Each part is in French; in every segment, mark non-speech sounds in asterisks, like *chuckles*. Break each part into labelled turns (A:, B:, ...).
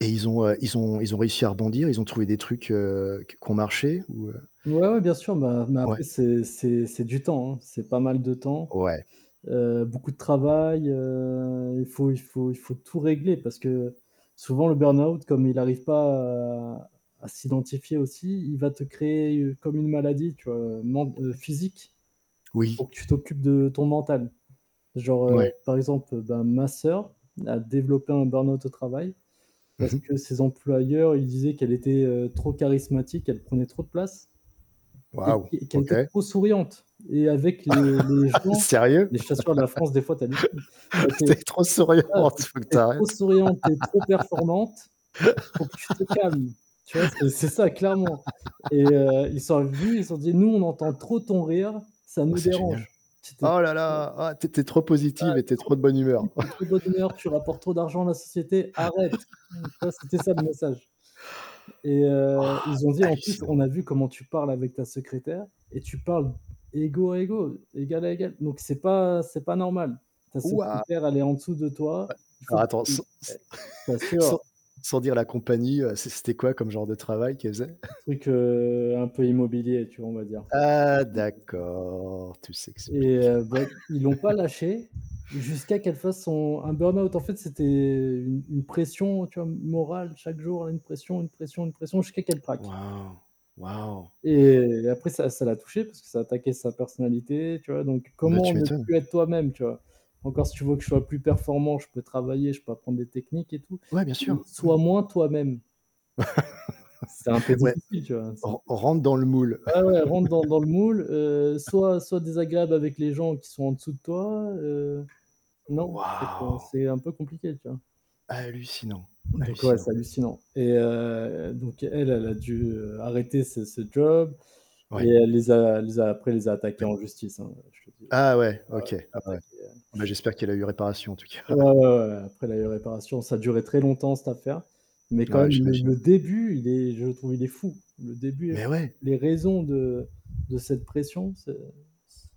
A: Et ils ont, heu ils ont ils ont réussi à rebondir, ils ont trouvé des trucs, heu, q qui ont marché, ou, heu?
B: Ouais, ouais, bien sûr bah, mais après
A: Ouais.
B: c'est c'est c'est du temps, hein, c'est pas mal de temps,
A: Ouais.
B: heu, beaucoup de travail, heu, il faut il faut il faut tout régler parce que souvent le burn-out comme il arrive pas à à s'identifier aussi, il va te créer, heu, comme une maladie, tu vois, heu, men heu, physique,
A: Oui.
B: pour que tu t'occupes de ton mental. Genre, heu,
A: Ouais.
B: par exemple, bah, ma sœur a développé un burn-out au travail,
A: Mmh
B: parce
A: mh.
B: que ses employeurs, ils disaient qu'elle était, heu, trop charismatique, qu'elle prenait trop de place et
A: Wouah!
B: qu et qu'elle était
A: OK.
B: trop souriante et avec les les
A: *chuckles*
B: gens
A: Sérieux?
B: mais je t'assure la France des fois, tu hallucines. Elle
A: *chuckles*
B: était
A: «Tu es trop
B: «Ah
A: souriante,
B: tu
A: faut que tu
B: es trop
A: arrêtes».
B: souriante, tu es trop performante, il faut que tu te calmes». Tu vois c'est c'est ça clairement. Et
A: *laughs*
B: heu, ils sont venus, ils ont dit: «Nous on entend trop ton rire, ça nous
A: C'est
B: dérange».
A: génial. «Oh là
B: *unintelligible*
A: là, tu es tu es trop positive et tu es
B: *unintelligible*
A: trop de bonne
B: «Tu
A: humeur».
B: es trop de bonne humeur, tu rapportes trop d'argent à la société, arrête!». *unintelligible* Tu vois, c'était ça le
A: *laughs* *laughs*
B: message. Et heu,
A: Wouah!
B: ils ont dit: «En plus on
A: Hallucinant.
B: a vu comment tu parles avec ta secrétaire, et tu parles égaux à égaux, égale à égale. Donc c'est pas c'est pas normal. Ta
A: Wouah!
B: secrétaire elle est en dessous de
A: Bah,
B: toi, il faut
A: alors
B: que
A: attends, s
B: tu»
A: s
B: *unintelligible* Je
A: *chuckles* sans
B: t'assure.
A: sans dire la compagnie, heu, c c'était quoi comme genre de travail qu'elle faisait?
B: Un
A: *chuckles*
B: truc, heu, un peu immobilier tu vois, on va dire.
A: Ah
B: *unintelligible*
A: d'accord, tout
B: Et
A: s'explique.
B: heu, bah, ils l'ont pas
A: *chuckles*
B: lâchée, jusqu'à qu'elle fasse son un burn-out. En fait, c'était une une pression, tu vois, m morale chaque jour, une pression, une pression, une pression jusqu'à qu'elle craque.
A: Wouah. Wouah.
B: Et après ça ça l'a touchée parce que ça attaquait sa personnalité tu vois, donc
A: Bah
B: comment
A: tu
B: ne
A: m'étonnes.
B: plus être toi-même, tu vois? Encore si tu veux que je sois plus performant, je peux travailler, je peux apprendre des techniques et tout,
A: Ouais, bien
B: mais:
A: sûr, mmh.
B: «Sois moins toi-même». C'est un peu
A: *laughs* Ouais,
B: difficile tu vois, c'est un
A: «Ren
B: peu difficile.
A: rentre dans le moule».
B: Ouais, ouais: «Rentre dans dans le moule, heu,
A: *laughs*
B: sois sois désagréable avec les gens qui sont en dessous de toi, heu» non,
A: Wou
B: en fait,
A: wouah!
B: c'est un peu compliqué, tu vois?
A: Hallucinant,
B: Donc ouais,
A: hallucinant.
B: c'est hallucinant. Et heu, donc elle, elle a dû, heu, arrêter ce ce job et
A: Ouais.
B: elle les a elle les a après elle les a attaqués
A: Ouais.
B: en justice, hein, je te le dis.
A: Ah ouais
B: Ah ouais, elle
A: OK! Ah ouais.
B: les a attaqués
A: Ah bah, j'espère qu'elle a eu réparation en tout
B: Ouais,
A: cas.
B: ouais, ouais, ouais. Après elle a eu réparation, ça a duré très longtemps cette affaire, mais quand
A: Ouais,
B: même le
A: j'imagine.
B: le début il est je trouve, il est fou. Le début est fou.
A: Mais ouais.
B: Les raisons de de cette pression c'est c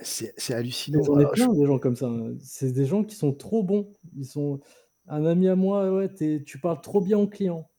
A: C'est c'est
B: Mais
A: hallucinant,
B: j'en ai
A: alors là, j
B: plein des gens comme ça, hein, c'est des gens qui sont trop bons, ils sont un ami à moi: «Heu ouais, tu es tu parles trop bien aux clients».